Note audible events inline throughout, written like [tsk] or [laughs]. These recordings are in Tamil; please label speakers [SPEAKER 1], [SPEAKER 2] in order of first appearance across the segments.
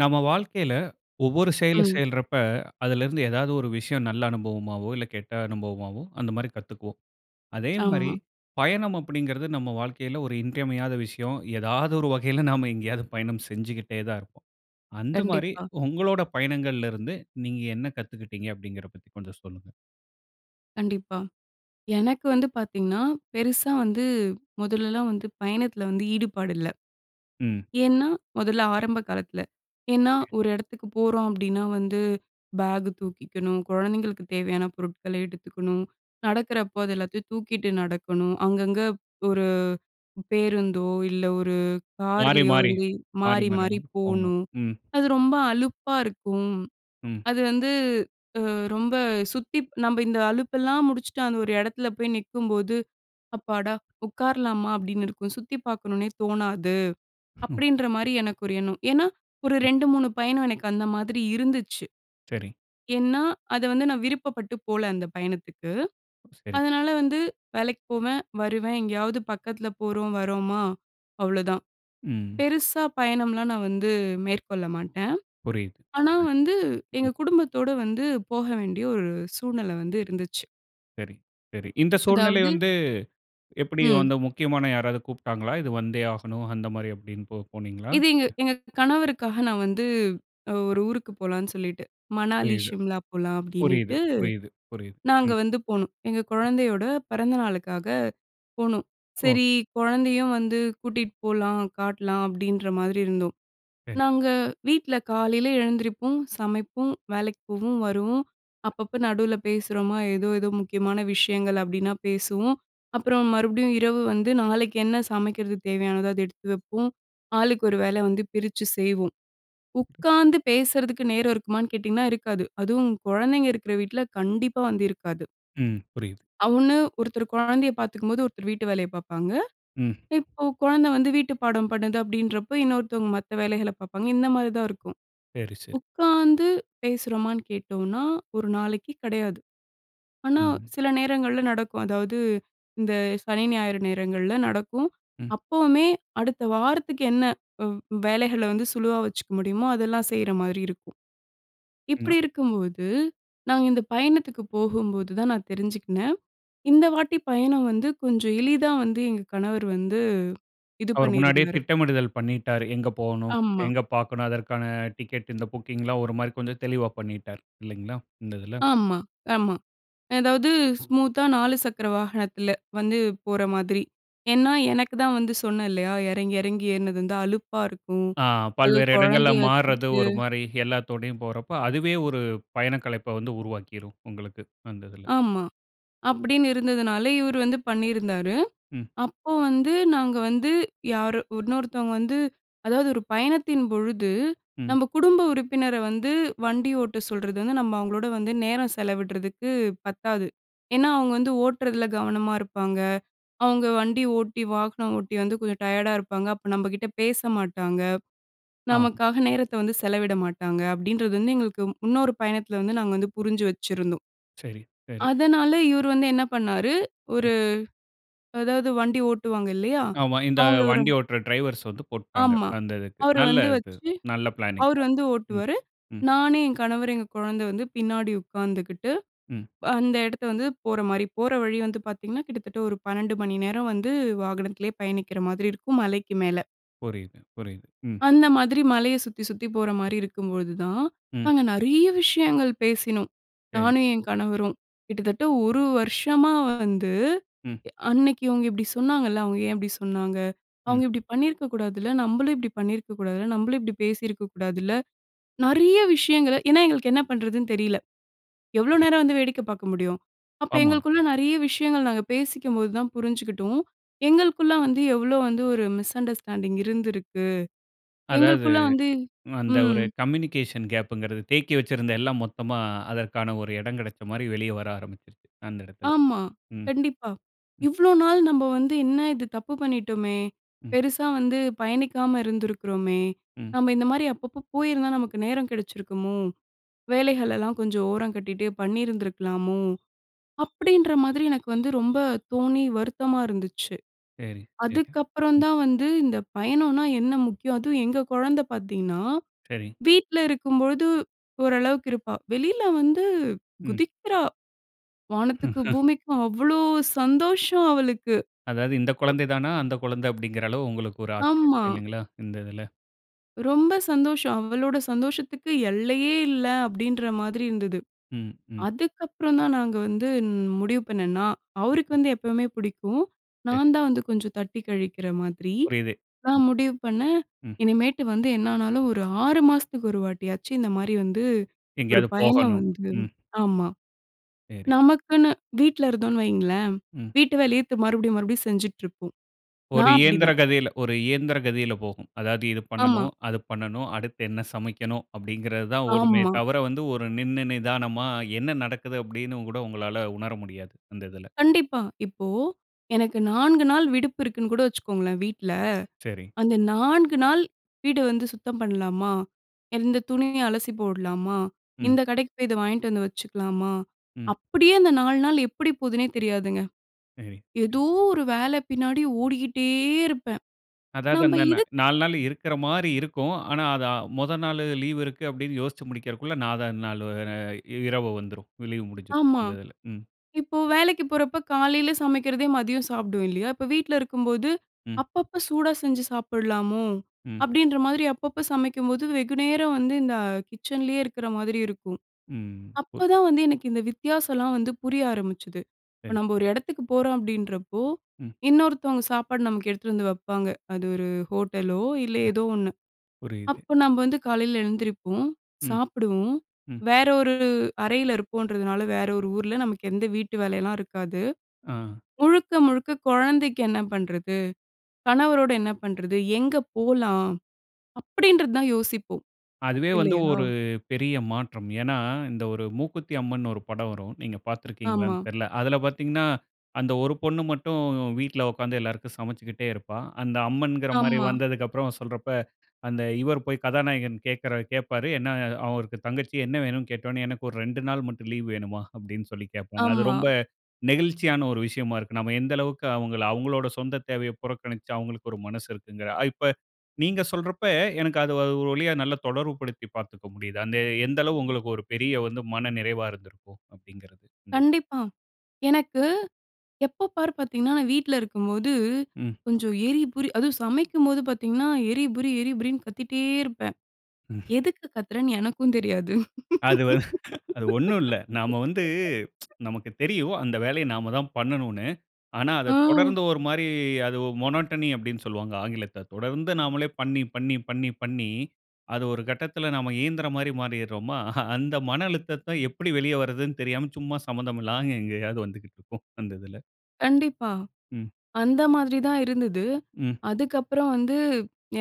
[SPEAKER 1] நம்ம வாழ்க்கையில ஒவ்வொரு செயல
[SPEAKER 2] ம்.
[SPEAKER 1] செய்யறப்ப, அதிலிருந்து ஏதாவது ஒரு விஷயம் நல்ல அனுபவமாவோ, இல்ல கெட்ட அனுபவமாவோ அந்த மாரி கத்துக்குவோம். அதே மாரி
[SPEAKER 2] ஆமா.
[SPEAKER 1] பயணம் அப்படிங்கிறது நம்ம வாழ்க்கையில ஒரு இன்றியமையாத விஷயம். ஏதாவது ஒரு வகையில நாம எங்கேயாவது பயணம் செஞ்சுகிட்டே தான் இருப்போம். அந்த மாரி
[SPEAKER 2] கண்டிப்பா.
[SPEAKER 1] ஒங்களோட பயணங்கள்ல இருந்து நீங்க என்ன கத்துக்கிட்டீங்க அப்படிங்கிறத பத்தி கொஞ்சம் சொல்லுங்க?
[SPEAKER 2] கண்டிப்பா. எனக்கு வந்து பார்த்தீங்கன்னா, பெருசா வந்து மொதலெல்லாம் வந்து பயணத்தில வந்து ஈடுபாடு இல்ல.
[SPEAKER 1] ம்.
[SPEAKER 2] ஏன்னா மொதல்ல ஆரம்ப காலத்தில. ஏன்னா,
[SPEAKER 1] ஓகே.
[SPEAKER 2] ஒரு எடத்துக்கு போறோம் அப்டின்னா, வந்து பேக் தூக்கிக்கணும், கொழந்தைங்களுக்கு தேவையான பொருட்கள எடுத்துக்கணும், நடக்கிறப்ப அது எல்லாத்தையும் தூக்கிட்டு நடக்கணும். அங்கங்க ஒரு பேருந்தோ இல்ல, ஒரு
[SPEAKER 1] "மாறி
[SPEAKER 2] கார்லயோ
[SPEAKER 1] மாறி
[SPEAKER 2] வந்து
[SPEAKER 1] மாறி
[SPEAKER 2] மாறி
[SPEAKER 1] மாறி
[SPEAKER 2] மாறி
[SPEAKER 1] போணும்"
[SPEAKER 2] போணும்.
[SPEAKER 1] ம்.
[SPEAKER 2] அது ரொம்ப அலுப்பா இருக்கும்.
[SPEAKER 1] ம்.
[SPEAKER 2] அது வந்து அ ரொம்ப சுத்தி நம்ம இந்த அலுப்பெல்லாம் முடிச்சுட்டு அந்த ஒரு எடத்துல போய் நிக்கும்போது "அப்பாடா உட்காரலாமா?" அப்டின்னு இருக்கும். சுத்தி பார்க்கணும்ன்னே தோணாது,
[SPEAKER 1] ஹ்ம்.
[SPEAKER 2] அப்டின்ற மாரி எனக்கு ஒரு எண்ணம். ஏன்னா ஒரு
[SPEAKER 1] ம்.
[SPEAKER 2] 2 3 பயணம் எனக்கு அந்த மாதிரி இருந்துச்சு.
[SPEAKER 1] சரி.
[SPEAKER 2] ஏன்னா அத வந்து நான் விருப்பப்பட்டு போல அந்த பயணத்துக்கு.
[SPEAKER 1] ம் சரி.
[SPEAKER 2] அதனால வந்து வேலைக்கு போவேன் வருவேன். எங்கேயாவது பக்கத்தில போறோம் வர்றோமா அவ்வளவுதான்.
[SPEAKER 1] ம்.
[SPEAKER 2] பெருசா பயணம்லாம் நான் வந்து மேற்கொள்ள மாட்டேன்.
[SPEAKER 1] புரியுது
[SPEAKER 2] ஆனா, வந்து
[SPEAKER 1] ம்.
[SPEAKER 2] எங்க
[SPEAKER 1] [unintelligible]
[SPEAKER 2] குடும்பத்தோட வந்து போக வேண்டிய ஒரு சூழ்நில வந்து இருந்துச்சு.
[SPEAKER 1] சரி, சரி. இந்த சூழ்நிலை
[SPEAKER 2] அதாவது.
[SPEAKER 1] வந்து எப்படி
[SPEAKER 2] ம்.
[SPEAKER 1] வந்து, முக்கியமான யாராவது கூப்பிட்டாங்களா? இது வந்தே ஆகணும் அந்த மாதிரி அப்படினு போ போனீங்களா?
[SPEAKER 2] இது எங்க எங்க கணவருக்காக நான் வந்து ஒரு ஊருக்கு போலான்னு சொல்லிட்டு "மணாலி,
[SPEAKER 1] "புரியுது
[SPEAKER 2] சிம்லா போகலாம்"
[SPEAKER 1] புரியுது
[SPEAKER 2] அப்படினீட்டு
[SPEAKER 1] புரியுது புரியுது"
[SPEAKER 2] நாங்க
[SPEAKER 1] ம்.
[SPEAKER 2] வந்து போனோம். எங்க கொழந்தையோட பெறந்த நாளுக்காக போனோம். சரி
[SPEAKER 1] ஓகே.
[SPEAKER 2] குழந்தையும் வந்து கூட்டிட்டு போலாம், காட்லாம் அப்படின்ற மாரி இருந்தோம்.
[SPEAKER 1] சரி.
[SPEAKER 2] நாங்க வீட்ல காலையில எழுந்திரிப்போம், சமைப்போம், வேலைக்கு போவோம், வருவோம். அப்பப்ப நடுவுல பேசுறோமா ஏதோ ஏதோ முக்கியமான விஷயங்கள் அப்படினா பேசுவோம். அப்புறம் மறுபடியும் இரவு வந்து நாளைக்கு என்ன சமைக்கிறது தேவையானதோ அத எடுத்து வப்போம். ஆளுக்கு ஒரு வேலை வந்து பிரிச்சு செய்வோம். "உட்காந்து பேசுறதுக்கு நேரம் இருக்குமான்னு?" கேட்டிங்கன்னா, இருக்காது. அதுவும் குழந்தைங்க இருக்கிற வீட்ல கண்டிப்பா வந்து இருக்காது.
[SPEAKER 1] ம். புரியுது.
[SPEAKER 2] அவனு ஒருத்தர் கொழந்தையை பாத்துக்கும்போது, ஒருத்தர் வீட்டு வேலையை பாப்பாங்க.
[SPEAKER 1] ம்.
[SPEAKER 2] இப்ப கொழந்த வந்து வீட்டு பாடம் பண்ணுது அப்படின்றப்போ, இன்னொருத்தங்க மத்த வேலைகள பாப்பாங்க. இந்த மாரி தான் இருக்கும்.
[SPEAKER 1] சரி சரி.
[SPEAKER 2] உக்காந்து பேசுறோமான்னு கேட்டோம்னா, ஒரு நாளைக்கு கிடையாது. ஆனா,
[SPEAKER 1] ம்.
[SPEAKER 2] சில நேரங்கள்ல நடக்கும். அதாவது, இந்த சனி, ஞாயிறு நேரங்கள்ல நடக்கும்.
[SPEAKER 1] ம்.
[SPEAKER 2] அப்பவுமே அடுத்த வாரத்துக்கு என்ன? வ் வேலைகள வந்து சுலுவா வச்சுக்க முடியுமோ, அதெல்லாம் செய்ற மாரி இருக்கும்.
[SPEAKER 1] ன்னா.
[SPEAKER 2] இப்படி இருக்கும்போது, நாங்க இந்தப் பயணத்துக்கு போகும்போது தான் நான் தெரிஞ்சுக்கினேன். இந்த வாட்டி பயணம் வந்து, கொஞ்சம் எளிதா வந்து எங்க கணவர் வந்து இது
[SPEAKER 1] அவர் முன்னாடியே
[SPEAKER 2] பண்ணியிருந்தாரு.
[SPEAKER 1] திட்டமிடுதல் பண்ணிட்டாரு. எங்க போவணும்?
[SPEAKER 2] ஆமா.
[SPEAKER 1] எங்க பாக்கணும்? அதற்கான டிக்கெட். இந்த புக்கிங் எல்லாம், ஒரு மாரி கொஞ்சம் தெளிவா பண்ணிட்டாரு இல்லைங்களா? இந்த இதில.
[SPEAKER 2] ஆமா, ஆமா. அதாவது ஸ்மூத்தா 4 சக்கர வாகனத்தில வந்து போற மாதிரி. ஏன்னா, எனக்கு தான் வந்து சொன்னேன் இல்லையா, இறங்கி, இறங்கி ஏற்னது வந்து அலுப்பா இருக்கும்.
[SPEAKER 1] ஆ
[SPEAKER 2] அதுவும்
[SPEAKER 1] பல்வேறு இடங்கள்ல
[SPEAKER 2] கொழந்தைய
[SPEAKER 1] மார்றது
[SPEAKER 2] வச்சுகிட்டு
[SPEAKER 1] ஒரு மாரி, எல்லாத்தோடையும் போறப்போ, அதுவே ஒரு பயணக்களைப்ப வந்து உருவாக்கிரும் உங்களுக்கு. அந்த இதில.
[SPEAKER 2] ஆமா. அப்படின்னு இருந்ததுனால, இவரு வந்து பண்ணியிருந்தாரு.
[SPEAKER 1] ம்.
[SPEAKER 2] அப்போ வந்து நாங்க வந்து யாரு உன்னொருத்தவங்க வந்து அதாவது ஒரு பயணத்தின் பொழுது
[SPEAKER 1] ம்.
[SPEAKER 2] நம்ப குடும்ப உறுப்பினர வந்து வண்டி ஓட்ட சொல்றது வந்து, நம்ம அவுங்களோட வந்து நேரம் செலவிட்றதுக்கு பத்தாது. ஏன்னா அவுங்க வந்து ஓட்டுறதில கவனமா இருப்பாங்க. அவுங்க வண்டி ஓட்டி வாகனம் ஓட்டி வந்து கொஞ்சம் டயர்டா இருப்பாங்க. அப்போ நம்ப கிட்ட பேச மாட்டாங்க.
[SPEAKER 1] ஆ, ம்.
[SPEAKER 2] நமக்காக நேரத்த வந்து செலவிட மாட்டாங்க. அப்படின்றது வந்து எங்களுக்கு, இன்னொரு பயணத்தில வந்து நாங்க வந்து புரிஞ்சு வச்சிருந்தோம்.
[SPEAKER 1] சரி சரி.
[SPEAKER 2] அதனால இவரு வந்து என்ன பண்ணாரு,
[SPEAKER 1] ம்.
[SPEAKER 2] ஒரு அதாவது வண்டி ஓட்டுவாங்க இல்லையா?
[SPEAKER 1] ஆமா இந்த
[SPEAKER 2] அவுங்கள ஒரு
[SPEAKER 1] வண்டி ஓட்டுற டிரைவர்ஸ் வந்து போட்டுட்டாங்க.
[SPEAKER 2] ஆமா.
[SPEAKER 1] அந்த இதுக்கு
[SPEAKER 2] அவரு
[SPEAKER 1] நல்ல
[SPEAKER 2] வந்து
[SPEAKER 1] இது.
[SPEAKER 2] வச்சு,
[SPEAKER 1] நல்ல பிளானிங்
[SPEAKER 2] அவரு
[SPEAKER 1] தான்
[SPEAKER 2] வந்து
[SPEAKER 1] ம்,
[SPEAKER 2] ஓட்டுவாரு.
[SPEAKER 1] ம்.
[SPEAKER 2] நானு, என் கணவரு, எங்க கொழந்தை வந்து, பின்னாடி உக்காந்துக்கிட்டு
[SPEAKER 1] ம்.
[SPEAKER 2] அந்த இடத்த வந்து, போற மாரி. போற வழி வந்து பாத்தீங்கன்னா கிட்டத்தட்ட ஒரு 12 மணி நேரம் வந்து வாகனத்திலயே பயணிக்கிற மாதிரி இருக்கும். மலைக்கு மேல.
[SPEAKER 1] புரியுது, புரியுது. ம்.
[SPEAKER 2] அந்த மாதிரி மலைய சுத்தி, சுத்தி போற மாரி இருக்கும்போதுதான்,
[SPEAKER 1] ம்.
[SPEAKER 2] நாங்க நெறைய விஷயங்கள் பேசினோம்.
[SPEAKER 1] சரி.
[SPEAKER 2] நானும் என் கணவரும் கிட்டத்தட்ட ஒரு வருஷமா வந்து
[SPEAKER 1] ம்.
[SPEAKER 2] அன்னைக்கு இவங்க இப்படி சொன்னாங்கல்ல, அவங்க ஏன் இப்படி சொன்னாங்க?
[SPEAKER 1] ம்.
[SPEAKER 2] அவங்க இப்படி பண்ணியிருக்க கூடாதுல்ல, நம்மளும் இப்படி பண்ணியிருக்க கூடாதுல்ல, நம்மளும் இப்படி பேசியிருக்க கூடாதுல்ல, நிறைய விஷயங்கள ஏனா எங்களுக்கு என்ன பண்றதுன்னு தெரியல. எவ்வளோ நேரம்
[SPEAKER 1] புரியுது.
[SPEAKER 2] வந்து வேடிக்க பார்க்க முடியும்? அப்ப
[SPEAKER 1] ஆமா.
[SPEAKER 2] எங்களுக்குள்ள நெறைய விஷயங்கள் நாங்க பேசிக்கும்போது தான் புரிஞ்சிக்கிட்டோம். எங்களுக்குள்ள வந்து எவ்வளோ வந்து ஒரு மிஸ் அண்டர்ஸ்டாண்டிங் இருந்திருக்கு?
[SPEAKER 1] அதாவது,
[SPEAKER 2] எங்களுக்குள்ள வந்து
[SPEAKER 1] அந்த
[SPEAKER 2] ம்.
[SPEAKER 1] ஒரு கம்யூனிகேஷன் கேப்புங்கிறது தேக்கி வச்சிருந்த எல்லாம் மொத்தமா அதற்கான ஒரு இடம் கெடச்ச மாதிரி வெளியே வர ஆரம்பிச்சுருச்சு, அந்த இடத்துல.
[SPEAKER 2] ஆமா,
[SPEAKER 1] ம்.
[SPEAKER 2] கண்டிப்பா.
[SPEAKER 1] ம்.
[SPEAKER 2] இவ்வளோ நாள் நம்ம வந்து என்ன இது தப்பு பண்ணிட்டோமே,
[SPEAKER 1] ம்.
[SPEAKER 2] பெருசா வந்து பயணிக்காம இருந்திருக்கிறோமே,
[SPEAKER 1] ம்.
[SPEAKER 2] நம்ம இந்த மாரி அப்பப்ப போயிருந்தா நமக்கு நேரம் கெடச்சிருக்குமோ, வேலைகளெல்லாம் கொஞ்சம் ஓரம் கட்டிட்டு பண்ணியிருந்திருக்கலாமோ, அப்படின்ற மாதிரி எனக்கு வந்து ரொம்ப தோணி வருத்தமா இருந்துச்சு.
[SPEAKER 1] சரி, சரி.
[SPEAKER 2] அதுக்கு அப்புறம்
[SPEAKER 1] ம்.
[SPEAKER 2] தான் வந்து இந்த பயணம்னா என்ன முக்கியம்? அதுவும் எங்க குழந்த பார்த்தீங்கனா,
[SPEAKER 1] சரி.
[SPEAKER 2] வீட்ல இருக்கும் பொழுது ஓரளவுக்கு இருப்பா. வெளியில வந்து
[SPEAKER 1] ம்.
[SPEAKER 2] குதிக்கிறா. வானத்துக்கும்
[SPEAKER 1] [laughs]
[SPEAKER 2] பூமிக்கும் அவ்வளோ சந்தோஷம் அவளுக்கு.
[SPEAKER 1] அதாவது, இந்த குழந்தை தானா அந்த குழந்த! அப்படிங்கிற அளவுக்கு உங்களுக்கு ஒரு ஆச்சரியம்
[SPEAKER 2] ஆமா.
[SPEAKER 1] இல்லைங்களா? இந்த இதுல.
[SPEAKER 2] ரொம்ப சந்தோஷம். அவளோட சந்தோஷத்துக்கு எல்லையே இல்ல அப்படின்ற மாதிரி இருந்தது.
[SPEAKER 1] ம் ம்.
[SPEAKER 2] அதுக்கப்புறம் தான் நாங்க வந்து முடிவு பண்ணேனா, அவருக்கு
[SPEAKER 1] ம்.
[SPEAKER 2] வந்து எப்பவுமே பிடிக்கும்.
[SPEAKER 1] சரி.
[SPEAKER 2] நான் தான் வந்து கொஞ்சம் தட்டி கழிக்கிற மாதிரி,
[SPEAKER 1] புரியுது. ம்.
[SPEAKER 2] நான் முடிவு பண்ணே
[SPEAKER 1] ம்.
[SPEAKER 2] இனிமேட்டு வந்து என்னானாலும் ஒரு 6 மாசத்துக்கு ஒரு வாட்டியாச்சி இந்த மாரி வந்து ஒரு
[SPEAKER 1] எங்கயாவது
[SPEAKER 2] பயணம்
[SPEAKER 1] போகணும்.
[SPEAKER 2] வந்து
[SPEAKER 1] ம்.
[SPEAKER 2] ஆமா,
[SPEAKER 1] சரி.
[SPEAKER 2] நமக்குன்னு வீட்ல இருந்தோம்னு வையுங்களேன்,
[SPEAKER 1] ம்.
[SPEAKER 2] வீட்டு வேலையே தி மறுபடியும், மறுபடியும் செஞ்சிட்டிருப்போம்.
[SPEAKER 1] ஒரு
[SPEAKER 2] நான்
[SPEAKER 1] இயந்திர
[SPEAKER 2] அப்படிதான்.
[SPEAKER 1] கதியில ஒரு இயந்திர கதியில போகும். அதாவது இது பண்ணணும்,
[SPEAKER 2] ஆமா.
[SPEAKER 1] அது பண்ணணும், அடுத்து என்ன சமைக்கணும்? அப்படிங்கிறது தான் ஓடுமே
[SPEAKER 2] ஆமா.
[SPEAKER 1] தவிர, வந்து ஒரு நின்னு நிதானமா என்ன நடக்குது? அப்படினு கூட உங்களால உணர முடியாது. அந்த இதில.
[SPEAKER 2] கண்டிப்பா, இப்போ எனக்கு 4 நாள் விடுப்பு இருக்குன்னு கூட வச்சுக்கோங்களேன் வீட்ல.
[SPEAKER 1] சரி.
[SPEAKER 2] அந்த 4 நாள் வீடு வந்து சுத்தம் பண்ணலாமா? இந்த துணிய அலசி போடலாமா?
[SPEAKER 1] ம்.
[SPEAKER 2] இந்த கடைக்கு போய் இத வாங்கிட்டு வந்து வச்சுக்கலாமா?
[SPEAKER 1] ம்.
[SPEAKER 2] அப்படியே அந்த 4 நாள் எப்படி போகுதுன்னே தெரியாதுங்க.
[SPEAKER 1] சரி.
[SPEAKER 2] ஏதோ ஒரு வேல பின்னாடி ஓடிக்கிட்டே இருப்பேன்.
[SPEAKER 1] அதாவது,
[SPEAKER 2] நம்ம
[SPEAKER 1] அந்த ந
[SPEAKER 2] இது,
[SPEAKER 1] 4 நாள் இருக்கிற மாரி இருக்கும். ஆனா, அது மொத நாள் லீவு இருக்கு அப்படின்னு யோசிச்சு முடிக்கிறதுக்குள்ள, 4 வது நாள் இரவு வந்துரும். லீவு முடிஞ்சுரும்.
[SPEAKER 2] ஆமா.
[SPEAKER 1] அந்த இதில. ம்.
[SPEAKER 2] இப்போ வேலைக்கு போறப்போ காலையில சமைக்கிறதே மதியம் சாப்பிடுவோம் இல்லையா? இப்ப வீட்ல இருக்கும்போது,
[SPEAKER 1] ம்.
[SPEAKER 2] அப்பப்போ சூடா செஞ்சு சாப்பிடலாமோ!
[SPEAKER 1] ம்.
[SPEAKER 2] அப்படின்ற மாரி அப்பப்ப சமைக்கும்போது வெகுநேரம் வந்து இந்த கிச்சன்லேயே இருக்கிற மாதிரி இருக்கும்.
[SPEAKER 1] ம். உர்,
[SPEAKER 2] அப்பதான் வந்து எனக்கு இந்த வித்தியாசம்லாம் வந்து புரிய ஆரம்பிச்சது. இப்போ
[SPEAKER 1] சரி.
[SPEAKER 2] நம்ம ஒரு எடத்துக்கு போறோம் அப்படின்றப்போ,
[SPEAKER 1] ம்.
[SPEAKER 2] இன்னொருத்தவங்க சாப்பாடு நமக்கு எடுத்துட்டு வந்து வப்பாங்க. அது ஒரு ஹோட்டலோ இல்ல ஏதோ ஒண்ணு.
[SPEAKER 1] புரியுது.
[SPEAKER 2] அப்ப நம்ம வந்து காலையில எழுந்திரிப்போம்,
[SPEAKER 1] ம்.
[SPEAKER 2] சாப்பிடுவோம்.
[SPEAKER 1] ம்.
[SPEAKER 2] வேற ஒரு அறையில இருப்போன்றதுனால வேற ஒரு ஊரில. நமக்கு எந்த வீட்டு வேலைலாம் இருக்காது.
[SPEAKER 1] ஆ.
[SPEAKER 2] முழுக்க, முழுக்க குழந்தைக்கு என்ன பண்றது? கணவரோட என்ன பண்றது? எங்க போலாம்? அப்படின்றது தான் யோசிப்போம்.
[SPEAKER 1] அதுவே வந்து
[SPEAKER 2] இல்லையா?
[SPEAKER 1] ஒரு பெரிய மாற்றம். ஏனா, இந்த ஒரு "மூக்குத்தி அம்மன்னு" ஒரு படம் வரும். நீங்க பார்த்திருக்கீங்களானு
[SPEAKER 2] ஆமா.
[SPEAKER 1] தெரியல. அதில பார்த்தீங்கனா அந்த ஒரு பொண்ணு மட்டும் வீட்ல உட்கார்ந்து எல்லாருக்கும் சமச்சுக்கிட்டே இருப்பா. அந்த அம்மன்கிற மாதிரி
[SPEAKER 2] ஆமா.
[SPEAKER 1] வந்ததுக்கப்புறம் சொல்றப்ப, அந்த இவர் போய் கதாநாயகன் கேட்கிற கேப்பாரு. என்ன அவருக்கு தங்கச்சி என்ன வேண்டும்னு கேட்டோவுடனே. "எனக்கு ஒரு 2 நாள் மட்டும் லீவ் வேணுமா?" அப்படினு சொல்லி கேப்பாங்க. அது
[SPEAKER 2] ஆமா.
[SPEAKER 1] ரொம்ப நெகிழ்ச்சியான ஒரு விஷயமா இருக்கும். நம்ம எந்த அளவுக்கு அவங்க அவங்களுடைய சொந்த தேவைய புறக்கணிச்சு அவங்களுக்கு ஒரு மனசு இருக்குங்கிற இப்ப நீங்க சொல்றப்ப எனக்கு அது ஒரு வழியா நல்லா தொடர்பு படுத்தி பார்த்துக்க முடியுது. அந்த எந்த அளவுக்கு உங்களுக்கு ஒரு பெரிய வந்து மன நிறைவா இருந்திருக்கும் அப்படிங்கிறது. அந்தது.
[SPEAKER 2] கண்டிப்பா, எனக்கு எப்ப பார் பார்த்தீங்கன்னா, நான் வீட்ல இருக்கும்போது
[SPEAKER 1] ம்.
[SPEAKER 2] கொஞ்சம் எறிபுரி அதுவும் சமைக்கும்போது பார்த்தீங்கன்னா, எரிபுரி எரிபுரின்னு கத்திட்டே இருப்பேன்.
[SPEAKER 1] ம்.
[SPEAKER 2] எதுக்கு கத்துறேன்னு எனக்கும் தெரியாது.
[SPEAKER 1] அது வ [laughs] அது ஒண்ணும் இல்ல. நாம வந்து [tsk]
[SPEAKER 2] [laughs]
[SPEAKER 1] நமக்கு தெரியும் அந்த வேலைய நாம தான் பண்ணணும்னு. ஆனா, அத
[SPEAKER 2] ஆ.
[SPEAKER 1] தொடர்ந்து ஒரு மாரி அது மோனோட்டனி அப்படினு சொல்லுவாங்க, ஆங்கிலத்துல. தொடர்ந்து நாமலே பண்ணி, பண்ணி, பண்ணி, பண்ணி அது ஒரு கட்டத்தில, நாம இயந்திர மாரி மாறிடுறோமா. [chuckles] அந்த மன அழுத்தத்த எப்படி வெளியே வரதுனு தெரியாம, சும்மா சம்மந்தமில்லாம எங்கேயாவது வந்துகிட்டு இருக்கும் அந்த இதுல.
[SPEAKER 2] கண்டிப்பா.
[SPEAKER 1] ம்.
[SPEAKER 2] அந்த மாதிரி தான் இருந்தது.
[SPEAKER 1] ம்.
[SPEAKER 2] அதுக்கப்புறம் வந்து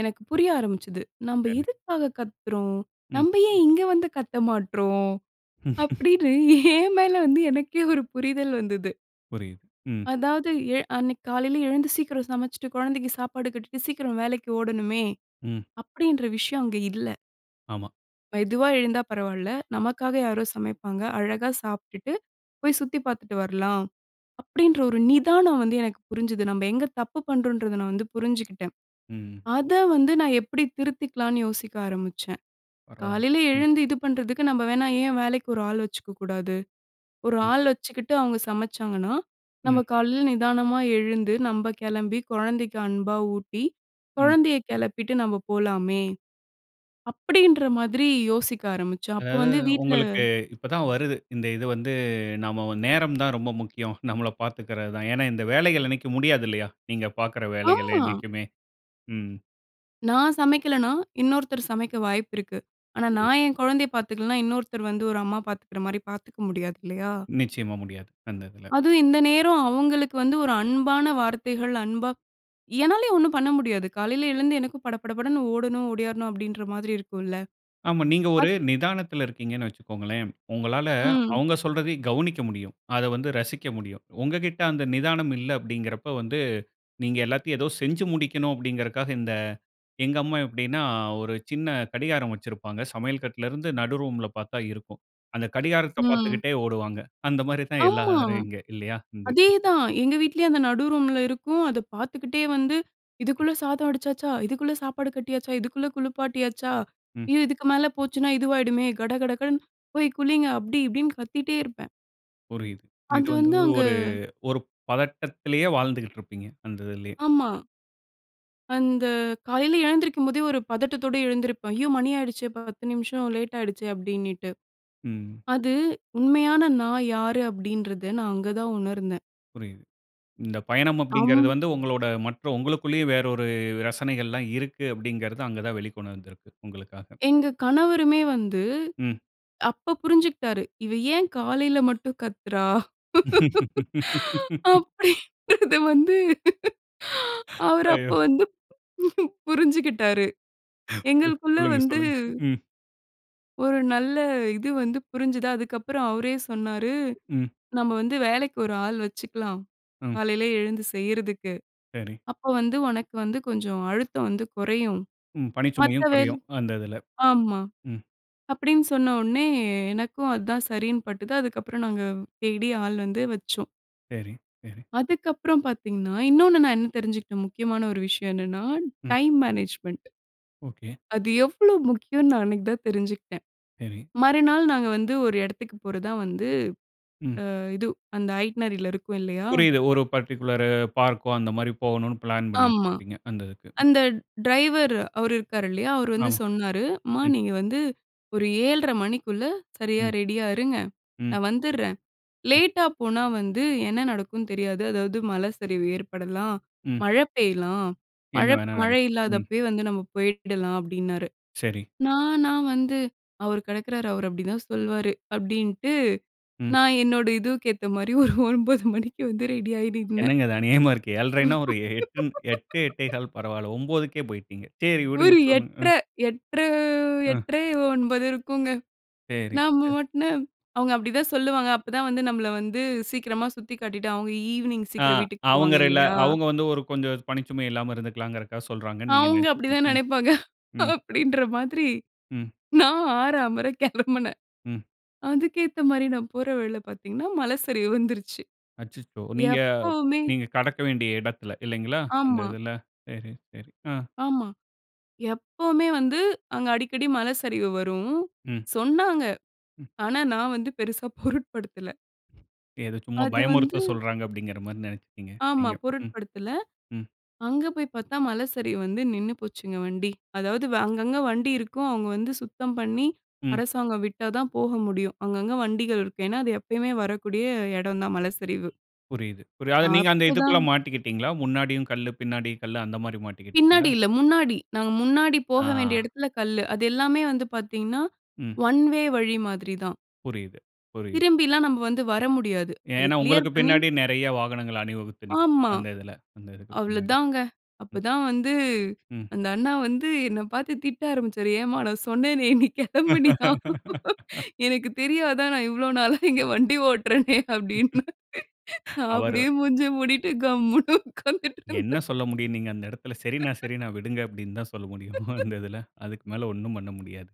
[SPEAKER 2] எனக்கு புரிய ஆரம்பிச்சது. நம்ப
[SPEAKER 1] சரி.
[SPEAKER 2] எதுக்காக கத்துறோம்?
[SPEAKER 1] ம்.
[SPEAKER 2] நம்ப ஏன் இங்க வந்து கத்த மாட்றோம்?
[SPEAKER 1] [laughs]
[SPEAKER 2] அப்படினு ஏன் மேல வந்து எனக்கே ஒரு புரிதல் வந்தது.
[SPEAKER 1] புரியுது, ம்.
[SPEAKER 2] அதாவது எழு அன்னைக்கு காலையில எழுந்து, சீக்கிரம் சமச்சுட்டு கொழந்தைக்கு சாப்பாடு கட்டிட்டு, சீக்கிரம் வேலைக்கு ஓடணுமே,
[SPEAKER 1] ம்.
[SPEAKER 2] அப்படின்ற விஷயம் அங்க இல்ல.
[SPEAKER 1] ஆமா.
[SPEAKER 2] மெதுவா எழுந்தா பரவால்ல, நமக்காக யாரோ சமைப்பாங்க. அழகா சாப்ட்டுட்டு, போய் சுத்தி பாத்துட்டு வரலாம். அப்படின்ற ஒரு நிதானம் வந்து, எனக்கு புரிஞ்சுது. நம்ம எங்க தப்பு பண்றோம்ன்றத, நான் வந்து புரிஞ்சுக்கிட்டேன்.
[SPEAKER 1] ம்.
[SPEAKER 2] அத வந்து, நான் எப்படி திருத்திக்கலான்னு யோசிக்க ஆரம்பிச்சன்.
[SPEAKER 1] பரவால்ல.
[SPEAKER 2] காலையில
[SPEAKER 1] ம்.
[SPEAKER 2] எழுந்து இது பண்றதுக்கு, நம்ம வேணா ஏன் வேலைக்கு ஒரு ஆள் வச்சுக்க கூடாது! "ஒரு ஆள் வச்சுக்கிட்டு, அவுங்க சமைச்சாங்கன்னா,
[SPEAKER 1] ம்.
[SPEAKER 2] நம்ம காலையில நிதானமா எழுந்து, நம்ம கெளம்பி, கொழந்தைக்கு அன்பா ஊட்டி,
[SPEAKER 1] ம்.
[SPEAKER 2] கொழந்தய கெளப்பிட்டு நம்ம போலாமே." அப்படின்ற மாதிரி யோசிக்க ஆரம்பிச்சோம். அப்ப
[SPEAKER 1] அதாவது,
[SPEAKER 2] வந்து வீட்ல
[SPEAKER 1] உங்களுக்கு இப்ப தான் வருது. இந்த இது வந்து, நாம வ நேரம் தான் ரொம்ப முக்கியம், நம்மள பாத்துக்கிறது தான். ஏன்னா, இந்த வேலைகள் என்னைக்கும் முடியாது இல்லையா? நீங்க பாக்குற வேலைகள்
[SPEAKER 2] ஆமா.
[SPEAKER 1] என்னைக்குமே. ம்.
[SPEAKER 2] நான் சமைக்கலன்னா, இன்னொருத்தர் சமைக்க வாய்ப்பு இருக்கு. ஆனா
[SPEAKER 1] புரியுது.
[SPEAKER 2] நான் என் கொழந்தய பாத்துக்கலன்னா, இன்னொருத்தர் வந்து ஒரு அம்மா பாத்துக்குற மாரி, பாத்துக்க முடியாது. இல்லையா?
[SPEAKER 1] நிச்சயமா முடியாது. அந்த இதுல.
[SPEAKER 2] அதுவும் இந்த நேரம், அவுங்களுக்கு வந்து, ஒரு அன்பான வார்த்தைகள், அன்பா என்னாலயும் ஒண்ணும் பண்ண முடியாது. காலையில எழுந்து, எனக்கும் பட, பட படன்னு ஓடணும், ஓடியாறணும் அப்படின்ற மாரி இருக்குல்ல.
[SPEAKER 1] ஆமா. நீங்க ஒரு
[SPEAKER 2] அத்
[SPEAKER 1] நிதானத்துல இருக்கீங்கன்னு வச்சுக்கோங்களேன். உங்களால
[SPEAKER 2] ம்.
[SPEAKER 1] அவுங்க சொல்றதையும் கவுனிக்க முடியும். அத வந்து ரசிக்க முடியும். உங்ககிட்ட அந்த நிதானம் இல்ல அப்படிங்கறப்ப வந்து நீங்க எல்லாத்தையும் ஏதோ செஞ்சு முடிக்கணும் அப்படிங்கிறகாக இந்த எங்க அம்மா எப்டினா, ஒரு சின்ன கடிகாரம் வச்சிருப்பாங்க சமையல் கட்ல இருந்து, நடு ரூம்ல பாத்தா இருக்கும். அந்த கடிகாரத்த
[SPEAKER 2] ம்.
[SPEAKER 1] பாத்துக்கிட்டே ஓடுவாங்க. அந்த மாரி தான்,
[SPEAKER 2] ஆமா.
[SPEAKER 1] எல்லாரும் இங்க. இல்லையா? இந்த
[SPEAKER 2] அதேதான், எங்க வீட்லயும் அந்த நடு ரூம்ல இருக்கும். அத பாத்துக்கிட்டே வந்து, "இதுக்குள்ள சாதம் வடிச்சாச்சா, இதுக்குள்ள சாப்பாடு கட்டியாச்சா, இதுக்குள்ள குளுப்பாட்டியாச்சா?
[SPEAKER 1] ம்.
[SPEAKER 2] இது, இதுக்கு மேல போச்சுனா இதுவாயிடுமே." கடகடன்னு, போய் குளிங்க. அப்படி, இப்படின்னு கத்திட்டே இருப்பேன்.
[SPEAKER 1] புரியுது. இது
[SPEAKER 2] அது
[SPEAKER 1] வந்து
[SPEAKER 2] வந்து அங்க.
[SPEAKER 1] ஒரு ஒரு பதட்டத்துலேயே வாழ்ந்துக்குட்டு இருப்பீங்க. அந்த இதுலயே.
[SPEAKER 2] ஆமா. அந்த காலைல எழுந்திருக்கும் போதே ஒரு பதட்டத்தோட எழுந்திருப்பேன், ஐயோ! மணி ஆயிடுச்சே 10 நிமிஷம் லேட் ஆயிடுச்சே அப்டின்னிட்டு.
[SPEAKER 1] ம்.
[SPEAKER 2] அது உண்மையான நான் யாரு? அப்டின்றத நான் அங்கதான் உணர்ந்தேன்.
[SPEAKER 1] புரியுது. இந்த பயணம் அப்டிங்குறது
[SPEAKER 2] அம்.
[SPEAKER 1] வந்து உங்களோட மற்றும் உங்களுக்குள்ளேயே வேற ஒரு ரசனைகள்லாம் இருக்கு அப்டிங்குறது அங்க தான் வெளிக்கொண்டு வந்துருக்கு. உங்களுக்காக.
[SPEAKER 2] எங்க கணவருமே வந்து
[SPEAKER 1] ம்.
[SPEAKER 2] அப்ப புரிஞ்சுகிட்டாரு. இவ ஏன் காலைல மட்டும் கத்துறா?
[SPEAKER 1] [laughs]
[SPEAKER 2] அப்படின்றது வந்து.
[SPEAKER 1] [inhales]
[SPEAKER 2] அவர் அப்ப
[SPEAKER 1] ஐயயோ!
[SPEAKER 2] வந்து புரிஞ்சுகிட்டாரு.
[SPEAKER 1] குருக்
[SPEAKER 2] எங்களுக்குள்ள
[SPEAKER 1] சொல்லுங்க,
[SPEAKER 2] வந்து
[SPEAKER 1] சொல்லுங்க. ம்.
[SPEAKER 2] ஒரு நல்ல இது வந்து புரிஞ்சது. அதுக்கு அப்புறம் அவரே சொன்னாரு.
[SPEAKER 1] ம்.
[SPEAKER 2] நம்ம வந்து வேலைக்கு ஒரு ஆள் வெச்சுக்கலாம்.
[SPEAKER 1] ம்.
[SPEAKER 2] காலைல எழுந்து செய்றதுக்கு.
[SPEAKER 1] சரி.
[SPEAKER 2] அப்ப வந்து உனக்கு வந்து கொஞ்சம் அழுத்தம் வந்து குறையும்.
[SPEAKER 1] ம், ம்.
[SPEAKER 2] மத்த
[SPEAKER 1] பனிச்சுமையும்
[SPEAKER 2] வே
[SPEAKER 1] குறையும், அந்த இதுல. ம்,
[SPEAKER 2] ஆமா.
[SPEAKER 1] ம்.
[SPEAKER 2] அப்டின்னு சொன்ன உடனே எனக்கும் அதுதான் சரின்னு பட்டது. அதுக்கப்புறம் நாங்க தேடி ஆள் வந்து வச்சோம்.
[SPEAKER 1] சரி, சரி.
[SPEAKER 2] அதுக்கப்புறம் பாத்தீங்கன்னா, இன்னொன்னு நான் என்ன தெரிஞ்சுக்கிட்டேன், முக்கியமான ஒரு விஷயம் என்னன்னா,
[SPEAKER 1] ம்.
[SPEAKER 2] Time management.
[SPEAKER 1] ஓகே.
[SPEAKER 2] அது எவ்ளோ முக்கியன்னு, நான் அன்னக்கு தான் தெரிஞ்சுக்கிட்டேன்.
[SPEAKER 1] சரி.
[SPEAKER 2] மறுநாள் நாங்க வந்து, ஒரு இடத்துக்கு போறதா வந்து,
[SPEAKER 1] ம்.
[SPEAKER 2] அ, இது. அந்த ஐட்னரி ல இருக்கும் இல்லயா!
[SPEAKER 1] புரியுது. ஒரு பர்ட்டிகுலரு பார்க்கோ! அந்தமாரி போகணுனு, பிளான் பண்ணி.
[SPEAKER 2] ஆமா.
[SPEAKER 1] [unintelligible] அந்த இதுக்கு.
[SPEAKER 2] அந்த ட்ரைவர், அவரு இருக்காரு இல்லயா! அவரு வந்து
[SPEAKER 1] ஆமா.
[SPEAKER 2] சொன்னாரு. அம்மா
[SPEAKER 1] ம்.
[SPEAKER 2] நீங்க வந்து, ஒரு 7:30 மணிக்குள்ள, சரியா
[SPEAKER 1] ம்.
[SPEAKER 2] ரெடியா இருங்க.
[SPEAKER 1] ம்.
[SPEAKER 2] நான் வந்துர்றேன்.
[SPEAKER 1] ம்.
[SPEAKER 2] லேட்டா போனா வந்து, என்ன நடக்குனு தெரியாது. அதாவது மல சரிவு ஏற்படலாம்.
[SPEAKER 1] ம்.
[SPEAKER 2] மழ பெய்யலாம். மழ,
[SPEAKER 1] என்ன வேணா
[SPEAKER 2] மழை
[SPEAKER 1] நடக்கும். ம்.
[SPEAKER 2] இல்லாதப்பயே வந்து, நம்ம போயிடலாம், அப்பிடின்னாரு.
[SPEAKER 1] சரி.
[SPEAKER 2] நான் நான் வந்து அவர் கெடக்குறாரு. அவர் அப்பிடி தான் சொல்வாரு. அப்பிடின்ட்டு,
[SPEAKER 1] ம்.
[SPEAKER 2] நான் என்னோட இதூவுக்கு ஏத்த மாரி, ஒரு 9:00 மணிக்கு வந்து ரெடி ஆயி நின்னேன்
[SPEAKER 1] என்னங்க இது, அநியாயமா இருக்கு. 7 1/2 ஒரு எ 8
[SPEAKER 2] [laughs]
[SPEAKER 1] 8 1/4 பரவால்ல. 9 க்கே போயிட்டீங்க. சேரி விடுங்க,
[SPEAKER 2] ஒரு
[SPEAKER 1] சொல்லுங்க,
[SPEAKER 2] எட்ர,
[SPEAKER 1] அ.
[SPEAKER 2] எட்ர,
[SPEAKER 1] அ.
[SPEAKER 2] எட்ர 9:00 இருக்குங்க.
[SPEAKER 1] சேரி,
[SPEAKER 2] நாம
[SPEAKER 1] சே
[SPEAKER 2] மட்டும் அவுங்க அப்பிடிதான் சொல்லுவாங்க. அப்ப தான் வந்து, நம்மள வந்து சீக்கிரமா சுத்தி காட்டிட்டு, அவங்க ஈவினிங்
[SPEAKER 1] அ,
[SPEAKER 2] சீக்கிரம் வீட்டுக்கு போவாங்க,
[SPEAKER 1] அவுங்கரெல்லா
[SPEAKER 2] இல்லயா!
[SPEAKER 1] அவுங்க வந்து ஒரு கொஞ்சம், பணிச்சுமை இல்லாம இருந்துகுலாங்கிறக்காக சொல்றாங்கன்னு நீங்க
[SPEAKER 2] அவுங்க
[SPEAKER 1] நெனச்சுட்டீங்க.
[SPEAKER 2] அப்பிடிதான்
[SPEAKER 1] ம்.
[SPEAKER 2] நெனைப்பாங்க,
[SPEAKER 1] ம்.
[SPEAKER 2] அப்பிடின்ற மாதிரி.
[SPEAKER 1] ம்.
[SPEAKER 2] நான் ஆற, அமற கெளம்புனேன்
[SPEAKER 1] ம்.
[SPEAKER 2] அதுக்கு ஏத்த மாரி, நான் போற வழில பாத்தீங்கன்னா, மல சரிவு வந்துருச்சு.
[SPEAKER 1] அச்சச்சோ! நீங்க,
[SPEAKER 2] எப்பவுமே
[SPEAKER 1] நீங்க கடக்க வேண்டிய எடத்தில, இல்லேங்களா? அந்த
[SPEAKER 2] ஆமா.
[SPEAKER 1] இதில, சரி, சரி, அ.
[SPEAKER 2] ஆமா. எப்பவுமே வந்து, அங்க அடிக்கடி மல சரிவு வரும்.
[SPEAKER 1] ம்.
[SPEAKER 2] சொன்னாங்க.
[SPEAKER 1] ம்.
[SPEAKER 2] ஆனா நான் வந்து பெருசா பொருட்படுத்தல
[SPEAKER 1] ஏதோ சும்மா
[SPEAKER 2] அது வந்து
[SPEAKER 1] பயமுறுத்த சொல்றாங்க அப்பிடிங்கிறமாரி நெனச்சுட்டீங்க
[SPEAKER 2] ஆமா,
[SPEAKER 1] நீங்க. ம்,
[SPEAKER 2] பொருட்படுத்துல.
[SPEAKER 1] ம்.
[SPEAKER 2] அங்க போய் பாத்தா மலை சரிவு வந்து நின்னு போச்சுங்க வண்டி. அதாவது அங்கங்க வண்டி இருக்கும், அவங்க வந்து சுத்தம் பண்ணி,
[SPEAKER 1] ம்.
[SPEAKER 2] அரசாங்கம் விட்டா தான் போக முடியும். அங்கங்க வண்டிகள் இருக்கு. ஏன்னா, அது எப்பயுமே வரக்கூடிய இடம் தான் மலைச்சரிவு.
[SPEAKER 1] புரியுது. ஒரு அது நீங்க அந்த
[SPEAKER 2] அப்போ
[SPEAKER 1] இதுக்குள்ள
[SPEAKER 2] தான்
[SPEAKER 1] மாட்டிக்கிட்டீங்களா? முன்னாடியும் கல்லு, பின்னாடியும் கல்லு அந்தமாரி மாட்டிக்கிட்டீங்களா?
[SPEAKER 2] பின்னாடி இல்ல, முன்னாடி நாங்க முன்னாடி போக வேண்டிய
[SPEAKER 1] ஆ.
[SPEAKER 2] இடத்துல கல்லு. அது எல்லாமே வந்து பாத்தீங்கன்னா
[SPEAKER 1] ம்.
[SPEAKER 2] ஒன் வே வழி மாதிரி தான்.
[SPEAKER 1] புரியுது, புரியுது.
[SPEAKER 2] திரும்பிலாம் நம்ம வந்து வர முடியாது. அது
[SPEAKER 1] ஏன்னா உங்களுக்கு
[SPEAKER 2] கிளியர் பண்ணி
[SPEAKER 1] பின்னாடி நெறய வாகனங்கள் அணிவகுத்து நிக்கும்.
[SPEAKER 2] ஆமா.
[SPEAKER 1] அந்த இதுல. அந்த இதுக்கு
[SPEAKER 2] அவ்ளோ
[SPEAKER 1] பின்னாடி.
[SPEAKER 2] தாங்க.
[SPEAKER 1] ம்.
[SPEAKER 2] அப்பதான் வந்து
[SPEAKER 1] ம்.
[SPEAKER 2] அந்த அண்ணா வந்து என்ன பாத்து திட்ட ஆரம்பிச்சாரு. ஏம்மா! நான் சொன்னேனே! நீ கிளம்புனியா?
[SPEAKER 1] [laughs]
[SPEAKER 2] எனக்கு தெரியாதா? நான் இவ்ளோ நாளா இங்க வண்டி ஓட்றேனே, அப்பிடின்னு.
[SPEAKER 1] [laughs]
[SPEAKER 2] நான்
[SPEAKER 1] அவரு
[SPEAKER 2] அப்டியே மூஞ்சிய மூடிட்டு கம்முன்னு உட்காந்துட்டு
[SPEAKER 1] என்ன
[SPEAKER 2] இருந்தேன்
[SPEAKER 1] சொல்ல முடியும்? நீங்க அந்த இடத்துல சரிண்ணா!
[SPEAKER 2] [laughs]
[SPEAKER 1] சரிண்ணா! விடுங்க அப்பிடின்னு தான் சொல்ல முடியும்
[SPEAKER 2] [laughs]
[SPEAKER 1] [chuckles] அந்த இதுல. அதுக்கு மேல 1 ம் பண்ண முடியாது.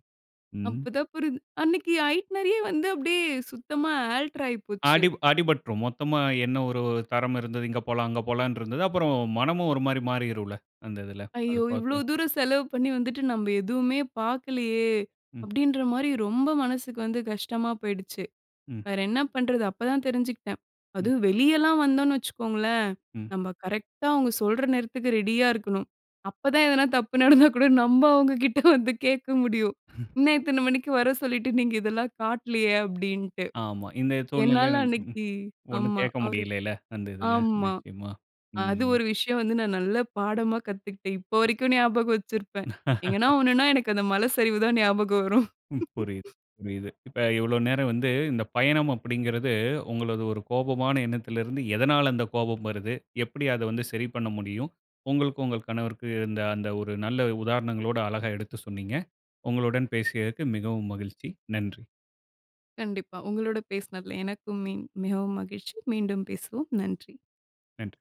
[SPEAKER 1] ம்.
[SPEAKER 2] அப்பதான் புரி அன்னக்கி ஐட்னரியே வந்து அப்பிடியே சுத்தமா ஆல்டர் ஆயிப்போச்சு.
[SPEAKER 1] அடி அடிபட்டுரும். மொத்தமா என்ன ஒரு தரமிருந்தது இங்க போலாம், அங்க போலான்றதது. அப்புறம் மனமும் ஒருமாரி மாறிரும் இல்ல, அந்த இதுல அது
[SPEAKER 2] ஐயோ! இவ்ளோ
[SPEAKER 1] பாக்க.
[SPEAKER 2] தூரம் செலவு பண்ணி வந்துட்டு, நம்ம எதுவுமே பாக்கலயே!
[SPEAKER 1] ம்.
[SPEAKER 2] அப்பிடின்றமாரி ரொம்ப மனசுக்கு வந்து கஷ்டமா போயிடுச்சு.
[SPEAKER 1] ம்.
[SPEAKER 2] வேற என்ன பண்றது? அப்ப தான் தெஞ்சுக்கிட்டன்.
[SPEAKER 1] ம்.
[SPEAKER 2] அதுவும் வெளியலாம் வந்தோன்னு வச்சுக்கோங்களேன்!
[SPEAKER 1] ம்.
[SPEAKER 2] நம்ம கரெக்டா அவுங்க சொல்ற நேரத்துக்கு ரெடியா இருக்கணும். அப்ப தான் எதனா தப்பு நடந்தா கூட நம்ம அவங்ககிட்ட வந்து கேட்க முடியும் என்ன இத்தன மணிக்கு வர சொல்லிட்டு நீங்க இதெல்லாம் காட்லயே அப்பிடின்ட்டு.
[SPEAKER 1] ஆமா, இந்த
[SPEAKER 2] என்னால
[SPEAKER 1] சூழ்நிலையில ம்
[SPEAKER 2] அன்னக்கி
[SPEAKER 1] ஒன்னும்
[SPEAKER 2] ஆமா,
[SPEAKER 1] கேக்க
[SPEAKER 2] அவரு
[SPEAKER 1] முடியலயில, அந்த இதுல.
[SPEAKER 2] ஆமா.
[SPEAKER 1] நிச்சயமா.
[SPEAKER 2] அ
[SPEAKER 1] ம்.
[SPEAKER 2] அது
[SPEAKER 1] ம்.
[SPEAKER 2] ஒரு விஷயம் வந்து நான் நல்ல பாடமா கத்துக்கிட்டேன். இப்போ வரைக்கும் ஞாபகம் வச்சிருப்பேன். எங்கன்னா
[SPEAKER 1] [laughs]
[SPEAKER 2] ஒன்னுனா எனக்கு அந்த மல சரிவு தான் ஞாபகம் வரும்
[SPEAKER 1] ம், புரியுது,
[SPEAKER 2] [laughs]
[SPEAKER 1] புரியுது. இப்ப இவ்ளோ நேரம் வந்து இந்த பயணம் அப்பிடிங்குறது உங்களது ஒரு கோபமான எண்ணத்துலருந்து, எதனால அந்த கோபம் வருது? எப்பிடி அத வந்து சரி பண்ண முடியும்? உங்களுக்கும் உங்க கணவருக்கும் இருந்த அந்த ஒரு நல்ல உதாரணங்களோட, அழகா எடுத்து சொன்னீங்க. உங்களுடன் பேசியதற்கு மிகவும் மகிழ்ச்சி. நன்றி!
[SPEAKER 2] கண்டிப்பா. உங்களோட பேசுனதுல எனக்கும் மி மிகவும் மகிழ்ச்சி. மீண்டும் பேசுவோம். நன்றி!
[SPEAKER 1] நன்றி!